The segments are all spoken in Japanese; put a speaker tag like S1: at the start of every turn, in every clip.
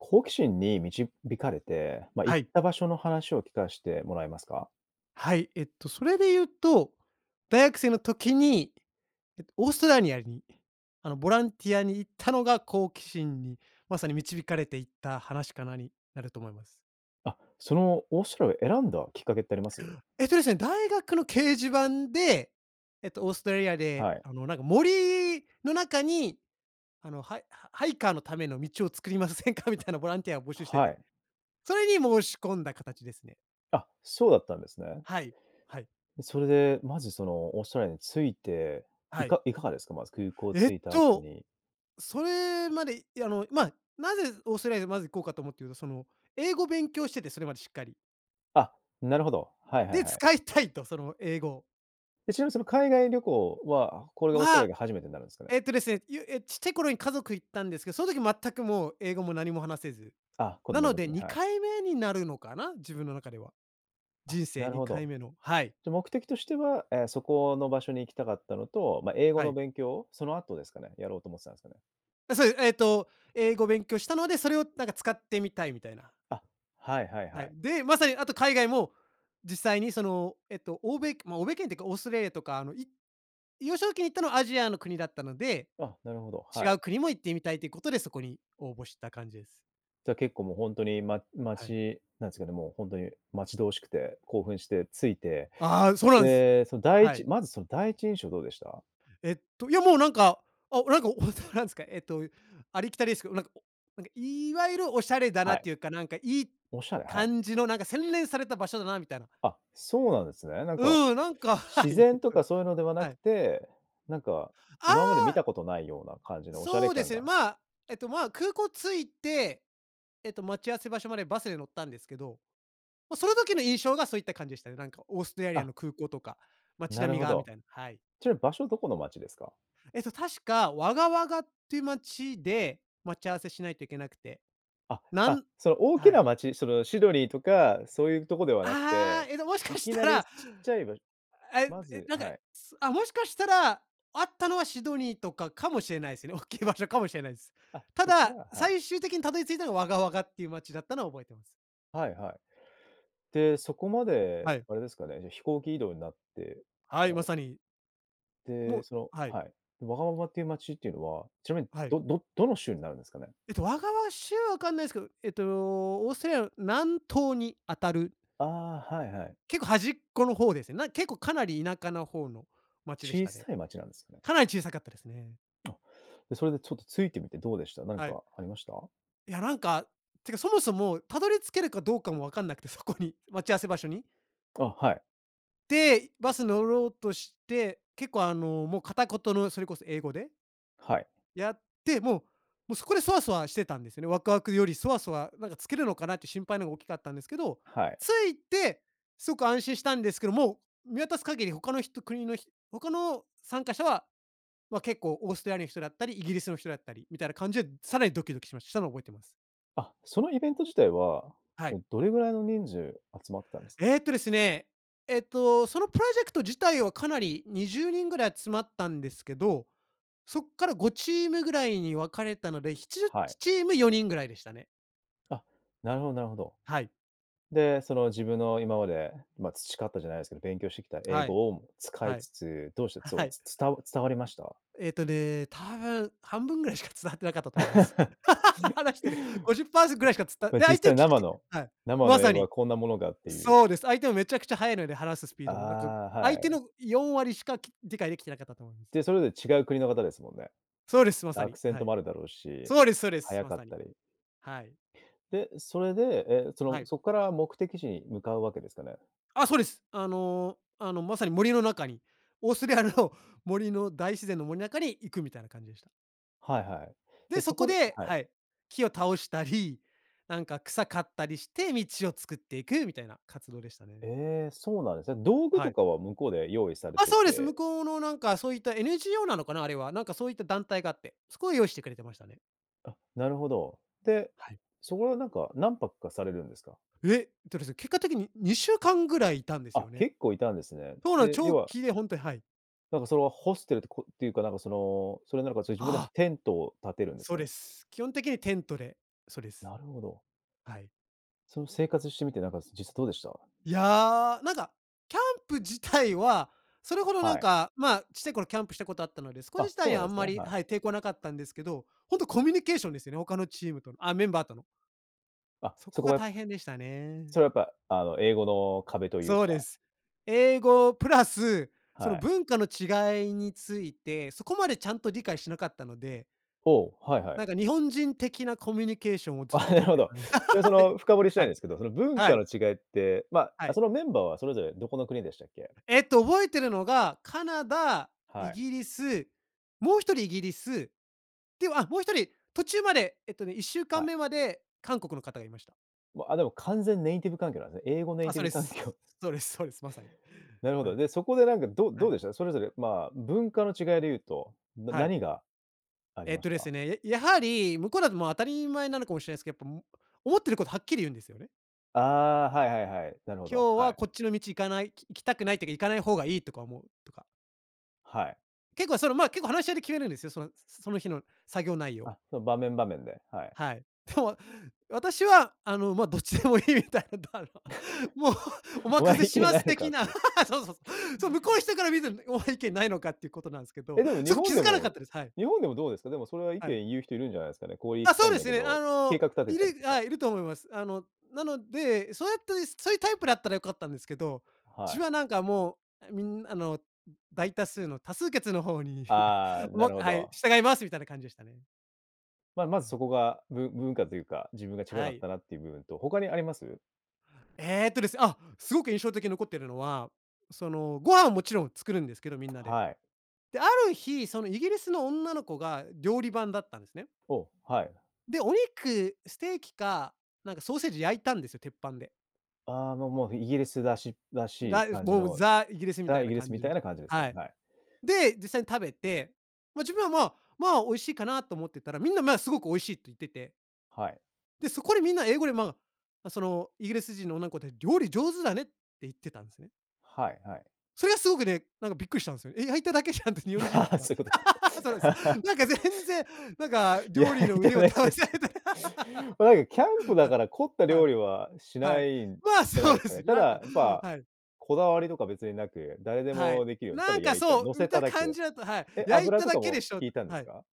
S1: 好奇心に導かれて、ま、行
S2: は
S1: っ
S2: い。
S1: た場所の話を聞かしてもらえますか？
S2: はい。えっと、それで言うと、大学生の時に、えっと、オーストラリアに、あの、ボランティアに行ったのが好奇心にまさに導かれて、いった話かな、になると思います。
S1: あ、そのオーストラリアを選んだきっかけってあり
S2: る、
S1: ます？
S2: えっと、ですね、大学の掲示板で、えっと、オーストラリアで、
S1: はい。
S2: あの、なんか、森の中に、あの、ハイハイカーのための道を作りませんか？みたいなボランティアを募集して
S1: は
S2: て、
S1: い。
S2: それに申し込んだ形ですね。
S1: あっ、そうだったんですね。
S2: はい、はい。
S1: で、それで、まずそのーオーストラリアに着いて、
S2: は
S1: い
S2: い。
S1: かいかがですか、まず空港
S2: えっ
S1: 着いた後
S2: と、
S1: に。
S2: それまで、いや、あの、ま、なぜオーストラリアにまず行こうかと思ってると、その英語を勉強しててそれまでしっかり
S1: あっ、なるほど。はいはい
S2: で、
S1: はい。
S2: 使いたいと、その英語を。
S1: え、ちなみに、その、海外旅行は、これがオーストラリ
S2: は
S1: アが初めてんなるんすかね。
S2: えっとですね、ゆえ、ちっちゃい頃に家族行ったんですけど、その時全くもう英語も何も話せず、
S1: あっ、子
S2: な
S1: 供ん
S2: の
S1: 時
S2: で、
S1: に、
S2: に
S1: はい。
S2: かいめになるのかな、自分の中では。
S1: あっ、
S2: 人生
S1: なる
S2: に
S1: ほ
S2: かい
S1: ど。
S2: めの、はい。
S1: じゃ、目的としては、え、そこの場所に行きたかったのと、ま、英語
S2: は
S1: の
S2: い。
S1: 勉強を、その後ですかね、やろうと思ってたんですかね。
S2: え、それでえっと英語勉強したので、それをなんか使ってみたいみたいな。
S1: あ、はいはい
S2: は
S1: は
S2: い、
S1: い。
S2: で、まさにあと海外も実際にそのえっと欧米ま、欧米圏ってかオーストラリアとかあの、い幼少期に行ったのはアジアの国だったので、
S1: あ、なるほど、
S2: 違
S1: はい。
S2: う国も行ってみたいということで、そこに応募した感じです。
S1: じゃあ結構もうほんとにま
S2: はい。
S1: 待ちなんすかね、もうほんとに待ち遠しくて、興奮してついて、
S2: ああ、そうなんす。
S1: で、その第
S2: は
S1: 一
S2: い。
S1: まずその第一印象どうでした？
S2: えっと、いやもうなんか、あ、なんかおそなんすか、えっと、ありきたりですけど、なんかおなんか、いわゆるおしゃれだな
S1: は
S2: っ
S1: い。
S2: ていうか、なんか、いい
S1: おしゃれ？はい。
S2: 感じのなんか洗練された場所だなみたいな。
S1: あっ、そうなんですね、なんか
S2: うん、なんかはい、
S1: 自然と
S2: そうです、
S1: かそういうのではな
S2: は
S1: く
S2: い。
S1: て、なんか、
S2: あ
S1: 今まで見
S2: あ。
S1: たことないような感じのお洒
S2: そう
S1: 落
S2: で
S1: 感
S2: すね。
S1: が。
S2: ま、えっと、ま、空港着いて、えっと待ち合わせ場所までバスで乗ったんですけど、ま、その時の印象がそういった感じでしたね。なんかオーストラリ
S1: あ
S2: ア
S1: っ。
S2: の空港とか街
S1: な
S2: 並
S1: る
S2: み
S1: ほ
S2: がみ
S1: ど。
S2: たいなはい。
S1: ちなみ場所どこの街ですか？
S2: えっと、確かワガワガっていう街で待ち合わせしないといけなくて、
S1: あっあ
S2: な
S1: っ、
S2: ん
S1: それ大き
S2: は
S1: な
S2: い。
S1: 街、その、シドニーとかそういうとこではなく
S2: ああ、
S1: て、
S2: えど、もしか
S1: い
S2: し
S1: き
S2: た
S1: なりち
S2: ら
S1: っちゃいば
S2: え
S1: ま
S2: え
S1: ず
S2: なんか
S1: は
S2: い
S1: い。
S2: つあ、もしかしたら会ったのはシドニーとかかもしれないすよね、大きい場所かもしれないす。
S1: あっ、
S2: た
S1: そっか
S2: だ、
S1: らはい。
S2: 最終的にたどり着いたのはワガワガっていう街だったのは覚えてます。
S1: はいはい。で、そこま
S2: は
S1: で、
S2: い。
S1: あれですかね、で、飛行機移動になって、
S2: は
S1: あ
S2: い、まさに。も
S1: で、
S2: う
S1: その
S2: はい。
S1: はい。ワガワガっていう町っていうのは、ちなみ、
S2: はい。
S1: どどどの州になるんですかね？
S2: えっと、ワガワ州分かんないんですけど、えっとオーストラリアの南東にあたる
S1: ああ、はいはい。
S2: 結構端っこの方ですよ、なん結構かなり田舎な方の町でし
S1: 小
S2: たね。
S1: さい町なんですね。
S2: かなり小さかったですね。
S1: で、それでちょっと着いてみてどうでした？なん
S2: はい。
S1: かありました？
S2: いや、なんかてか、そもそも辿り着けるかどうかも分かんなくて、そこに、待ち合わせ場所に。
S1: あ、はい。
S2: で、バス乗ろうとして、結構、あのもう片言のそれこそ英語で
S1: はい。
S2: やって、も、もそこでソワソワしてしてたんですよね。ワクワクよりソワソワ、なんか着けるのかなって心配の方が大きかったんですけど、
S1: はい。
S2: 着いてそく安心したんですけど、もう、見渡す限り他の人国のひ他の参加者は、ま、結構オーストラリアの人だったり、イギリスの人だったりみたいな感じで、さらにドキドキしましたのを覚えています。
S1: あ、そのイベント自体は、
S2: はい。
S1: おどれぐらいの人数集まったんですか？
S2: えっとですね、えっと、そのプロジェクト自体はかなり20人ぐらいつまったんですけど、そっから5チームぐらいに分かれたのでしちじゅっ
S1: は
S2: ち
S1: い。
S2: チーム4人ぐらいでしたね。
S1: あっ、なるほどなるほど。
S2: はい。
S1: で、その、自分の今まで、ま、培ったじゃないですけど、勉強してきた英
S2: はい。
S1: 語を使い
S2: はい。
S1: つつ、どうして、そ
S2: は
S1: の、
S2: い。
S1: つつつた伝わりました？
S2: えっとね、多分半分ぐらいしか伝わってなかったとむす。話してる50%ずぐらいしかつたで
S1: 実
S2: 相手を
S1: 際、
S2: 聞く
S1: 生
S2: て
S1: の
S2: はい、
S1: 生
S2: ま
S1: の英
S2: さ
S1: 語は
S2: に、
S1: こんなものかっていう。
S2: そうです。相手はめちゃくちゃ早いので話すスピードも、なんか、
S1: ああ、は
S2: 相手
S1: い。
S2: の4割しか、き理解できてなかったと思います。
S1: で、それぞれ違う国の方ですもんね？
S2: そうです、ま
S1: だ、
S2: さ
S1: アク
S2: に、
S1: セン
S2: は
S1: トも
S2: い。
S1: あるだろうし、
S2: そうですそうです、
S1: 速
S2: ま
S1: かっ
S2: さに、
S1: たり。
S2: はい。
S1: で、それでえ、そ
S2: は
S1: の、
S2: い。
S1: そっから目的地に向かうわけですかね？
S2: あ、そうです。あのあの、まさに森の中に、オーストラリアの森の大自然の森中に行くみたいな感じでした。
S1: はいはい。で、
S2: で、
S1: そ
S2: そこ
S1: こで
S2: で
S1: はい。
S2: はい、木を倒したり、なんか草刈ったりして道を作っていくみたいな活動でしたね。
S1: ええ、そうなんですね。道具
S2: は
S1: と
S2: い。
S1: かは向こうで用意され
S2: あ、
S1: て
S2: そうです。向
S1: て
S2: こうの、なんか、そういった、NGO なのかな、あれは。なんか、そういった団体があって、そこが用意してくれてましたね。
S1: あ、なるほど。で、
S2: はい。
S1: そこでなんか、何泊かされるんですか？
S2: ええとですね、結果的に、2週間ぐらいいたんで
S1: あ
S2: すよ
S1: っ、
S2: ね。
S1: 結構いたんですね。
S2: そうなんです、
S1: で、要
S2: 長
S1: は
S2: 期でほんとに、はい。
S1: なんか、それは、ホステルって、こって、いうか、なんか、その、それなのか、それ自分で
S2: あ
S1: は
S2: あ。
S1: テントを立てるんです
S2: そう
S1: かね？
S2: です。基本的にテントで。そうです。
S1: なるほど。
S2: はい。
S1: その生活してみて、なんか、実質どうでした？
S2: いや、なんか、キャンプ自体はそれほどなん
S1: はい。
S2: か、まあ、ちっちゃい頃キャンプしたことあったので。すこじ
S1: あ、
S2: 自
S1: そ
S2: 体
S1: う
S2: は
S1: な
S2: あ
S1: んで
S2: ん
S1: す
S2: ま
S1: ね。
S2: り、
S1: はい。
S2: はい、抵抗なかったんですけど、本当コミュニケーションですよね、他のチームとの、ああ、メンバーとの。
S1: あ、
S2: そ
S1: そ
S2: こ
S1: こは
S2: が
S1: や
S2: 大変でしたね。
S1: それはやっぱ、あの、英語の壁という
S2: そうで
S1: か。
S2: す。英語プラス、そ
S1: は
S2: の
S1: い。
S2: 文化の違いについて、そこまでちゃんと理解しなかったので
S1: おお。はいはい。
S2: なんか日本人的なコミュニケーションを
S1: あ
S2: ずっ
S1: あ、
S2: と
S1: なる
S2: 取っ
S1: ほ
S2: て
S1: ど。
S2: たんで
S1: そ
S2: は
S1: の
S2: い、
S1: 深掘りした
S2: は
S1: いん
S2: い、
S1: ですけど、その、文
S2: は
S1: 化
S2: い。
S1: の違いって、ま、
S2: はい。
S1: そのメンバーはそれぞれどこの国でしたっけ？
S2: えっと、覚えてるのが、カナダ、イ
S1: はい。
S2: ギリス、もう1人イギリス、で、あ、もう1人、途中まで、えっとね、いっしゅうか
S1: は
S2: ん
S1: い。
S2: めまで韓国の方がいました。
S1: ま、あ、でも完全にネイティブ環境なんで、英語ネイ
S2: あ、
S1: ティ
S2: そう
S1: ブ
S2: で
S1: 環
S2: す。
S1: 境。
S2: そうですそうです、まさに。
S1: なるほ
S2: は
S1: ど。
S2: い。
S1: で、そこでなんか、どう
S2: は
S1: どう
S2: い。
S1: でした？それぞれまあ、文化の違いで言うと、な
S2: はい。
S1: 何が、あり
S2: えっ
S1: ま
S2: と
S1: し
S2: です
S1: た？
S2: ね、え、やはり、向こうだともう当たり前なのかもしれないすけど、も、やっぱ、思ってること、はっきり言うんですよね。
S1: ああ、はいはいはい、なるほど、
S2: 今日
S1: は
S2: は
S1: い。
S2: こっちの道行かない、ききたくない時は行かない方がいいとか思うとか。
S1: はい。
S2: 結構その、ま、結構話し合いで決めるんですよ。そのその日の作業内容。
S1: あ、そ場面、場面で、はい。
S2: はい。でも私は、あの、ま、どっちでもいいみたいだ、あの、もう お
S1: 「お
S2: 任せ
S1: 前、意
S2: し
S1: 見
S2: ま
S1: な
S2: す
S1: いのか」
S2: 的
S1: っ
S2: な、
S1: ていう。
S2: そうそうそう、そう向こうの人から見た「お前意見ないのか」ってことなんですけ
S1: え、
S2: ど、
S1: でも日
S2: そこ気
S1: 本
S2: づ
S1: で
S2: かなか
S1: も、
S2: ったです。はい。
S1: 日本でもどうですか、でもそれは意
S2: はい。
S1: 見言う人いるんじゃないですかね「こう行
S2: あ、
S1: きた
S2: そ
S1: い
S2: う
S1: ん
S2: で
S1: だ
S2: す
S1: け
S2: ね。
S1: ど」
S2: あ
S1: 計
S2: の、
S1: 画立て
S2: い
S1: たりと
S2: る
S1: か。
S2: あ、いると思います。あの、なので、そうやってそういうタイプだったら良かったんですけど、う
S1: は
S2: ち
S1: い。
S2: はなんかもうあみんあの、大多数の多数決の方に
S1: ああ、な
S2: も
S1: るほ
S2: はい
S1: ど。
S2: 「従います」みたいな感じでしたね。
S1: まま
S2: は
S1: ず
S2: い。
S1: そこが、ぶ文化というか、自分が違か
S2: は
S1: っ
S2: い。
S1: たなっていう部分と、他にあります？
S2: えっとです、あ、すごく印象的残っているのは、そのご飯はもちろん作るんですけど、みんなで。
S1: はい。
S2: で、ある日そのイギリスの女の子が料理番だったんですね。
S1: お、はい。
S2: でお肉、ステーキかなんかソーセージ焼いたんですよ鉄板で
S1: ああ、もうもうイギリスらしらしい
S2: 「だいず、
S1: 感じ
S2: もう、
S1: の
S2: ザ、イギリス」みた
S1: ザ、
S2: い
S1: イ
S2: な
S1: ギリス
S2: 感
S1: み
S2: じ
S1: たい
S2: の、
S1: な感じですか
S2: は
S1: ね、
S2: い。
S1: はい。
S2: で、実際に食べて、ま、自分は、ま、まあ、美味しいかなと思ってたら、みんな、ま、すごく美味しいって言ってて
S1: はい。
S2: で、そこでみんな英語で、まま、そのイギリス人の女ん子で「料理上手だね」って言ってたんですね。
S1: はいはい。
S2: それがすごくね、なんかびっくりしたんすよ。え、焼いただけじゃんって、日本人だ っ
S1: あ、
S2: たら、
S1: そゆこと
S2: そうなんです。
S1: か、
S2: なんか、全然、なんか、
S1: 焼
S2: 料理の
S1: いた
S2: 腕を
S1: だ
S2: 試
S1: け。
S2: されない。
S1: おい、キャンプだから凝っ た
S2: はい、は
S1: 料
S2: い、
S1: 理はし
S2: は
S1: な
S2: い、
S1: いん
S2: ま、
S1: じゃない
S2: そう
S1: です
S2: で
S1: かね。
S2: す
S1: ただ、
S2: 焼いた
S1: やっぱ、
S2: はい。
S1: こだわりとか別になく誰で
S2: は
S1: も
S2: い。
S1: できるよう、た
S2: な
S1: だ
S2: んか
S1: 焼いた、
S2: そ
S1: 乗
S2: う
S1: せ
S2: 見
S1: た
S2: た
S1: だ
S2: 感
S1: け。
S2: じだと、はい、
S1: えっ、
S2: 「焼い
S1: 油
S2: た
S1: と
S2: だ
S1: か
S2: けで
S1: も
S2: しょ」、
S1: 引いたんで
S2: は
S1: す
S2: い。
S1: か？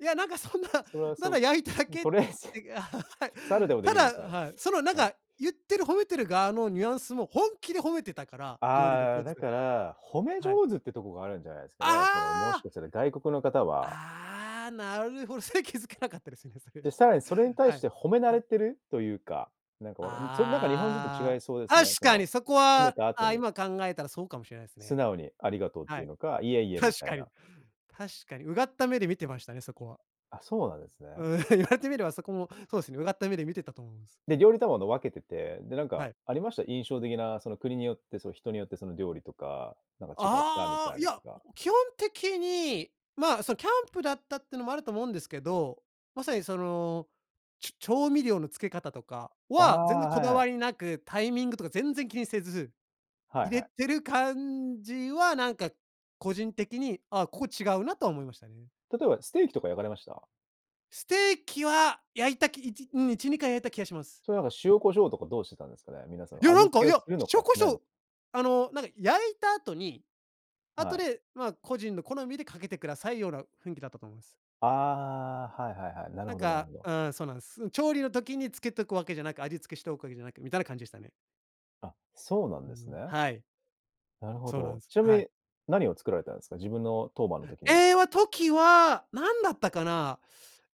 S2: いやなんかそんな、
S1: それは
S2: な
S1: そ
S2: ら焼いただ
S1: うも
S2: けっ
S1: とりあえず、
S2: てはい。
S1: 猿でもで
S2: た
S1: きるみ
S2: だ
S1: たいな
S2: はい、そのなん
S1: はい。
S2: か言ってる褒めてる側のニュアンスも本気で褒めてたから、料理が
S1: ああ、
S2: 上手
S1: だ
S2: で
S1: から、褒め
S2: はい。
S1: 上手ってとこがあるんじゃないですか
S2: あ
S1: ね、その、もし
S2: あ！
S1: かしたら外国の方は
S2: ああ、なるほどそれ気づけなかったですね、そ
S1: で、
S2: れ。
S1: さらにそれに対
S2: は
S1: し
S2: い、
S1: て褒め慣
S2: は
S1: れ
S2: い。
S1: てるというか、なんかわかんな、それなんか日本人と違
S2: あ
S1: いそうで
S2: あ、
S1: すね、
S2: 確
S1: そ
S2: か
S1: の、
S2: にそこ
S1: 褒め
S2: は、
S1: た後
S2: あ、
S1: に
S2: 今考えたらそうかもしれないです
S1: 素
S2: ね。
S1: 直にありがとうっ
S2: は
S1: ていう
S2: い、
S1: のか、いえいえ、み
S2: 確
S1: たい
S2: かに、
S1: な。
S2: 確かにうがった目で見てましたね、そこは。
S1: あ、そうなんです
S2: う
S1: ね。
S2: ーん、言われてみればそこもそうですね、うがった目で見てたと思うんです。
S1: で、料理当番と分けてて、で、なん
S2: は
S1: か、
S2: い。
S1: ありました、印象的な、その国によって、その人によってその料理とか、なんか違ったみ
S2: あ
S1: た
S2: あ、
S1: い
S2: い
S1: なと
S2: や、
S1: か。
S2: 基本的に、まあ、その、キャンプだったっていうのもあると思うんですけど、まさに、その、ちょ調味料の付け方とか
S1: ああ。
S2: は、全然こ
S1: はい
S2: だ
S1: はい。
S2: わりなく、タイミングとか全然気にせず、
S1: はい
S2: 入
S1: は
S2: れ
S1: い。
S2: てる感じは、なんか個人的に、ああ、ここ違うなとは思いましたね。
S1: 例えば、ステーキとか焼かれました？
S2: ステーキは焼いたきいちうん。1、2回焼いた気はします。
S1: それ、なんか塩胡椒とかどうしてたんですかね、皆さ
S2: い
S1: ん。
S2: や、
S1: 味
S2: なん
S1: 付
S2: か、
S1: け
S2: い
S1: を
S2: や、
S1: するの
S2: 塩
S1: か
S2: 胡
S1: しないの
S2: 椒
S1: か。
S2: あの、なんか焼いた後に後
S1: はい。
S2: で、まあ、個人の好みでかけてくださいよ、な雰囲気だったと思います。
S1: ああ、はいはいはい、なる
S2: なん
S1: ほどなる
S2: か、
S1: ほど。
S2: うん。そうなんす。調理の時につけておくわけじゃなく、味付けしておくわけじゃなくみたいな感じでしたね。
S1: あ、そうなん
S2: う
S1: です
S2: ん。
S1: ね。
S2: はい。
S1: なるほ
S2: そうな
S1: ど。
S2: んす。
S1: ちなみ
S2: はい。
S1: に、何を作られたんですか？自分の当番の時には。
S2: ええは時は何だったかな、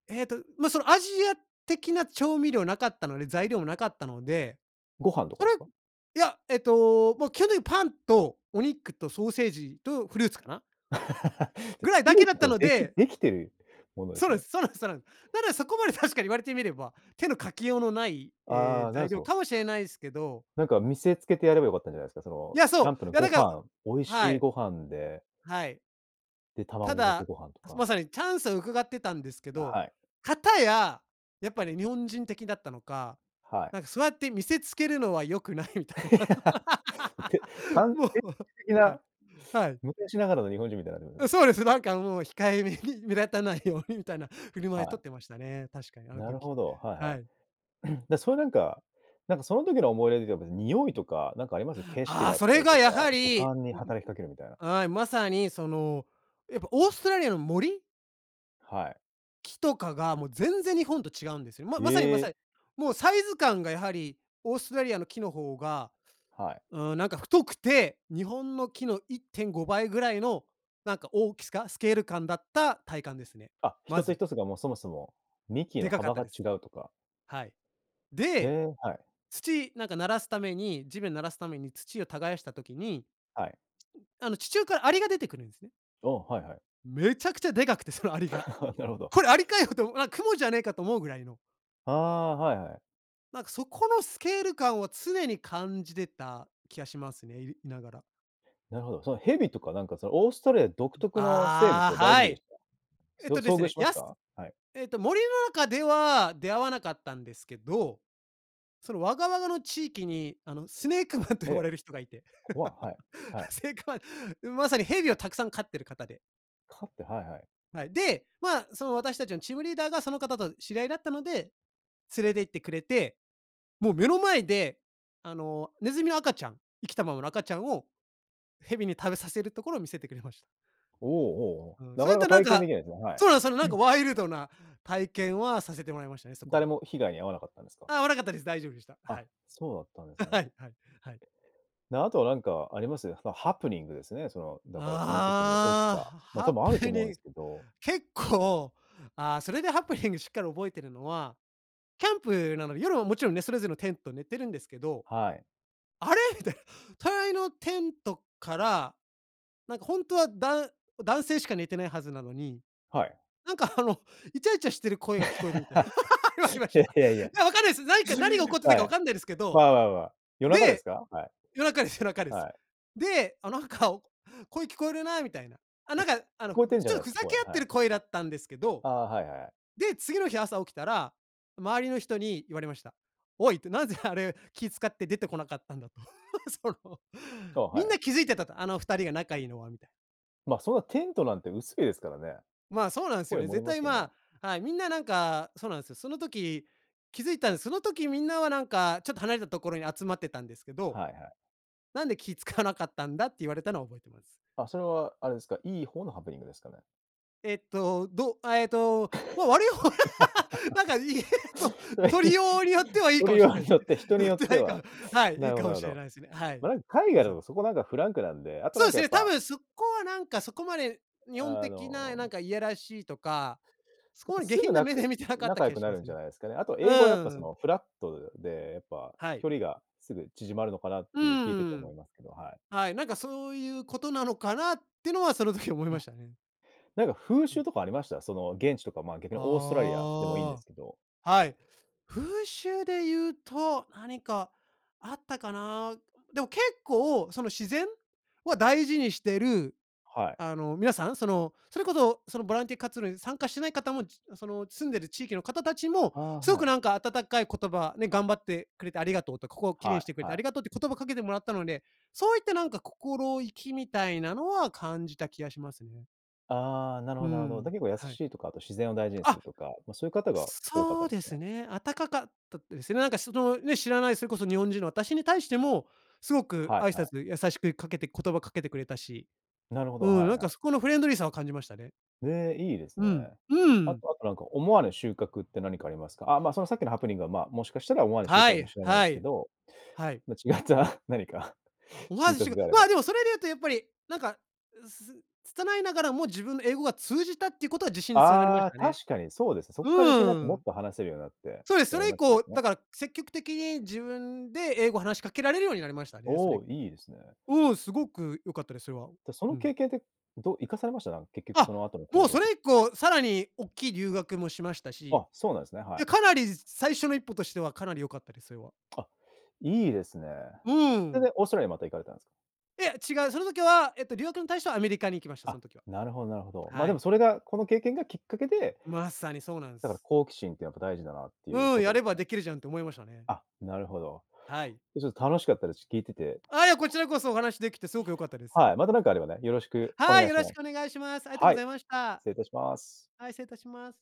S2: ええと、まあ、その、アジア的な調味料なかったので、材料もなかったので、
S1: ご飯とか
S2: そ
S1: で
S2: れ
S1: すか？
S2: いや、えっと、もう基本的にパンとお肉とソーセージとフルーツかな？
S1: で、
S2: ぐらい
S1: 作
S2: だ
S1: る
S2: け
S1: っ
S2: だ
S1: て
S2: った
S1: こ
S2: の
S1: でき
S2: で
S1: できてるもので
S2: そ
S1: す
S2: うで
S1: ね。
S2: す。そうなんですそうなんです。だら、そこまで確かに言われてみれば、手のかけようのない、え
S1: あ
S2: え、
S1: あ、なる
S2: 材
S1: そ
S2: 料
S1: う。
S2: かもしれないすけど
S1: なんか見せつけてやれば良かったんじゃないですか、そ
S2: い
S1: の、
S2: や、
S1: キャン
S2: そ
S1: プ
S2: う。
S1: の
S2: いや、
S1: ご
S2: だから
S1: 飯、美味
S2: は
S1: しい
S2: い。
S1: ご飯で。
S2: はい。
S1: で、
S2: た
S1: 卵かけ
S2: だ、
S1: ご飯とか。
S2: まさにチャンスを伺ってたんですけど、
S1: はい。
S2: かたや、やっぱり日本人的だったのか、
S1: はい。
S2: なんかそうやって見せつけるのは良くないみたいな、そう。
S1: て、完
S2: も
S1: 璧
S2: う
S1: 的
S2: は
S1: な、
S2: い、はい。
S1: 昔ながらの日本人みたいになってますよ
S2: うん、
S1: ね。
S2: そうです。なんかもう控えめに目立たないようにみたいな振る舞
S1: は
S2: いとっ
S1: い。
S2: てましたね、確かにあの
S1: なる
S2: 時、
S1: ほど、は
S2: はい。
S1: いはい。で、それなんか、なんか、その時の思い出では別に、匂いとか、なんかあります？景色
S2: ああ、
S1: だっ
S2: そ
S1: た
S2: れ
S1: り
S2: が
S1: と
S2: や
S1: か、
S2: は
S1: 五
S2: り
S1: 感に
S2: うん
S1: 働きかけるみたいな。
S2: うはい、まさに、その、やっぱオーストラリアの森？
S1: はい。
S2: 木とかが、もう、全然日本と違うんですよ。ままさにま
S1: え
S2: さ
S1: え。
S2: に、もう、サイズ感が、やはり、オーストラリアの木の方が、
S1: はい。
S2: うーん、なんか、太くて、日本の木の1.5倍ぐらいの、なんか、大きすかスケール感だった体感ですね。
S1: あ、ひ
S2: ま
S1: とつひ
S2: ず。
S1: とつが、もう、そもそも、幹
S2: で
S1: の
S2: かかっ
S1: 幅
S2: た
S1: が
S2: で
S1: 違
S2: す。
S1: うとか。
S2: はい。
S1: へ
S2: で、
S1: え、はい。
S2: 土、なんか、均すために、地面均すために土を耕した時に、
S1: はい。
S2: あの、地中からアリが出てくるんですね。
S1: ああ、はいはい。
S2: めちゃくちゃでかくてそのアリが。
S1: なるほど。
S2: これアリかよと、あ、蜘蛛じゃねえかと思うぐらいの。
S1: ああ、はいはい。
S2: なんか、そこのスケール感を常に感じてた気がしますね、いいながら。
S1: なるほど、その蛇とか、なんか、その、オーストラリア独
S2: う
S1: 特の生物
S2: あ
S1: は
S2: あ、
S1: 大丈
S2: は
S1: 夫でし
S2: い。
S1: た？
S2: えっ
S1: そ
S2: とで
S1: 遭
S2: す
S1: 遇
S2: ね、
S1: しま
S2: や
S1: し
S2: す
S1: た？はい。
S2: えっと、森の中では出会わなかったんですけど、その、ワガワガの地域に、あの、スネークマンと
S1: え
S2: 呼ば
S1: え。
S2: れる人がいて、
S1: 怖、はい、はい。
S2: すごい。まさに蛇をたくさん飼っている方で。
S1: 飼って、はいはい。
S2: はい、で、ま、その、私たちのチームリーダーがその方と知り合いだったので、連れて行ってくれて、もう、目の前で、あの、ネズミの赤ちゃん、生きたままの赤ちゃんを蛇に食べさせるところを見せてくれました。
S1: おおおおおお、
S2: うん、
S1: な
S2: そう
S1: か
S2: いっ
S1: なか
S2: た、なん
S1: 体験で
S2: か
S1: きないですね、はい。
S2: そうなんすよね、
S1: う
S2: なん
S1: ん。
S2: か、ワイルドな体験はさせてもらいましたね、そこ
S1: 誰
S2: で。
S1: も被害に遭わなかったんですか？
S2: ああ、遭わなかったです、大丈夫でした、は
S1: あ、
S2: い。
S1: そうだったんです ね。
S2: はいはい。
S1: で、あとは、なんか、あります？その、ハプニングですね、その、だからその時に起き
S2: ああ。
S1: た、ま、
S2: ハ
S1: 多
S2: ハ
S1: 分あると
S2: プ
S1: 思うんで
S2: ニン、
S1: すけど。
S2: 結構、ああ、それでハプニングしっかり覚えているのは、キャンプなので夜はもちろんね、それぞれのテント寝てるんですけど、
S1: はい。
S2: あれ？みたいな、隣のテントから、なんか、ほんとはだん男性しか寝てないはずなのに、
S1: はい。
S2: なんか、あの、イチャイチャしてる声が聞こえるみたい 言われま
S1: い
S2: し
S1: やい
S2: た。
S1: やい
S2: い
S1: や。
S2: や、わかんないです。何か何が起こってた
S1: は
S2: かわ
S1: い。
S2: かんないですけど、
S1: まあまあまあ、夜中です
S2: で、
S1: か？はい。
S2: 夜中です 夜中です。
S1: はい。
S2: で、あ、なんか、声聞こえるなみたいな。あ、
S1: も
S2: な
S1: う、
S2: ん
S1: き聞
S2: か、あの、
S1: こえてんじゃ
S2: ち
S1: な
S2: ょ
S1: いです
S2: ふ
S1: か、
S2: ざけ
S1: 声、
S2: 合っ
S1: は
S2: て
S1: い。
S2: る声だったんですけど、
S1: ああ、はいはいはい。
S2: で、次の日朝起きたら、周りの人に言われました。おいってなぜあれ気遣って出てこなかったんだと、その、
S1: お、は
S2: み
S1: い
S2: ん
S1: はい。
S2: な気付いてたと、あの2人が仲いいのはみたい。
S1: まあ、そんなテントなんて薄いですからね。
S2: まあ、そうなんすよ
S1: 声
S2: ね。
S1: 漏れ
S2: 絶
S1: ます
S2: 対、
S1: よね。
S2: まあ、はい、みんななんか、そうなんですよ。その時、気づいたんす。その時みんなはなんかちょっと離れたところに集まってたんですけど
S1: はいはい。
S2: 「なんで気使わなかったんだ」って言われたのは覚えてます。
S1: あ、それはあれですか、いい方のハプニングですかね？
S2: えっと、どあええと、もう、悪い方、なんか、いと
S1: それ
S2: 取
S1: ひ
S2: りようによってはいいか
S1: 取
S2: も
S1: り
S2: し
S1: よ
S2: れ
S1: う
S2: ないで
S1: に
S2: す
S1: よっ
S2: ね。
S1: て、人に
S2: のっ
S1: よっ
S2: てな
S1: て
S2: い
S1: は、
S2: かはい、い
S1: な
S2: い
S1: るほ
S2: か
S1: ど
S2: も
S1: なる
S2: し
S1: ほ
S2: れ
S1: ど。
S2: ないですね。はい。
S1: まん、海
S2: ま
S1: 外だ
S2: さに。
S1: とそこなんかフランクなんで、あと
S2: そ
S1: な
S2: う
S1: ん
S2: で
S1: か
S2: す
S1: やっ
S2: ね、多
S1: ぱ
S2: 分そこはなんかそこまで、日本
S1: あ
S2: 的な、な
S1: の
S2: んかいやらしいとか、そ
S1: やっ
S2: こ
S1: ぱ、
S2: まで下
S1: すぐ
S2: 品な
S1: な
S2: 目
S1: く
S2: で見てなかった
S1: 仲
S2: 気
S1: 良
S2: は
S1: く
S2: し
S1: な
S2: ま
S1: るん
S2: す
S1: じゃ
S2: ね。
S1: ないですかね。あとは英語は
S2: う
S1: やっぱ、そ
S2: ん。
S1: の、フラットでやっぱ、
S2: はい。
S1: 距離が、すぐ縮まるのかなっ
S2: う
S1: ていう聞いてて
S2: ー
S1: 思
S2: ん、
S1: いますけど、はい。
S2: はい、なんかそういうことなのかな、ってのは、その時思い
S1: う
S2: ま
S1: ん。
S2: したね。
S1: なんか風
S2: うん。
S1: 習とかありました？その、現地とか、まあ、逆にオーストラリアでもいいんで
S2: あ
S1: すけど。
S2: あ、はい、風習で言うと何かあったかな。でも結構、その、自然は大事にしてる、
S1: はい。
S2: あの、皆さん、その、それこそ、その、ボランティア活動に参加してない方も、ちその住んでる地域の方たちも
S1: ああ、
S2: すご
S1: は
S2: くなん
S1: い。
S2: か温かい言葉、ね、「頑張ってくれてありがとうと、ここを綺麗に
S1: は
S2: してくれ
S1: い
S2: てあ
S1: は
S2: り
S1: い。
S2: がとう」って言葉をかけてもらったので、そういったなんか心意気みたいなのは感じた気がしますね。
S1: ああ、なる
S2: う
S1: ほどなるほど。だ
S2: ん、
S1: 結構優
S2: はい。
S1: しいとか、あと自然を大事にする
S2: あ
S1: とか、ま、そういう方が多かった
S2: そ
S1: ん
S2: う
S1: です
S2: で
S1: かね？
S2: すね、あたかかたですよ。なんかそのね、知らないそれこそ日本人の私に対しても、すごく
S1: は
S2: 挨
S1: いはい。
S2: 拶で優しくかけて言葉かけてくれたし、
S1: なるほど、
S2: うん、
S1: は
S2: な
S1: い
S2: ん
S1: は
S2: か
S1: い。
S2: そこのフレンドリーさを感じましたね。
S1: へえ、いいです
S2: うん、
S1: ね。
S2: う
S1: あ
S2: ん。
S1: とあとなんか思わぬ収穫って何かありますか？ああ、ま、そのさっきのハプニングは、ま、もしかしたら思わぬ収
S2: は
S1: 穫も
S2: い、
S1: 知れないんで
S2: は
S1: すけ
S2: い、
S1: ど、
S2: はい。
S1: ま、違った何か
S2: 思わ
S1: 収
S2: ずし
S1: 穫
S2: か
S1: があれ
S2: ま、
S1: ば。
S2: でもそれで言うとやっぱりなんかうす拙いながらも自分の英語が通じたっていうことは自信に繋がりま
S1: あ
S2: し
S1: あ、
S2: たね。
S1: 確かにそうですね。そっから自
S2: う
S1: 信になってもっ
S2: ん。
S1: と話せるようになって
S2: そうで
S1: っ
S2: す。
S1: て
S2: そ
S1: なり
S2: れ以
S1: ましたも
S2: 降
S1: ん
S2: だ
S1: ね。
S2: から積極的に自分で英語を話しかけられるようになりましたね、そ
S1: お
S2: れ以
S1: お、
S2: 降
S1: いいですね。
S2: うん、すごく良かったです、それは、
S1: で、そ
S2: う
S1: の
S2: ん。
S1: 経験ってど生かされました？なんか、結局そ
S2: あ、
S1: の後の
S2: も
S1: 行
S2: う
S1: 動
S2: そ
S1: と。
S2: れ以降さらにおっきい留学もしましたし、い
S1: あ、そうなんですね。は
S2: や
S1: い。
S2: かなりさ最初の一歩としてはかなり良かったです、それは。
S1: あ、いいですね。
S2: う
S1: それ
S2: ん。
S1: で、オーストラリアまた行かれたんですか？
S2: いや違う、その時はえっと留学に対してはアメリカに行きましたそ
S1: あ、
S2: ん時は。
S1: なるほどなるほど、ま、
S2: は
S1: でも
S2: い。
S1: それがこの経験がきっかけで
S2: まさにそうなんす。
S1: だから、好奇心ってやっぱ大事だなっていう
S2: うん、
S1: こと
S2: や
S1: で
S2: れ
S1: す
S2: ば
S1: ね。
S2: できるじゃんって思いましたね。
S1: あ、なるほど。
S2: はい。
S1: ちょ楽しかったです、聞いてて。
S2: あ、いやこちらこそお話しできてすごく良かったです。
S1: はい、また何かあればね、よろしくお
S2: は
S1: 願
S2: い、
S1: い
S2: よ
S1: し
S2: ろ
S1: ま
S2: し
S1: す。
S2: くお願いします。ありがと
S1: は
S2: ご
S1: い、
S2: ざいました。
S1: 失礼いたします。
S2: はい、失礼いたします。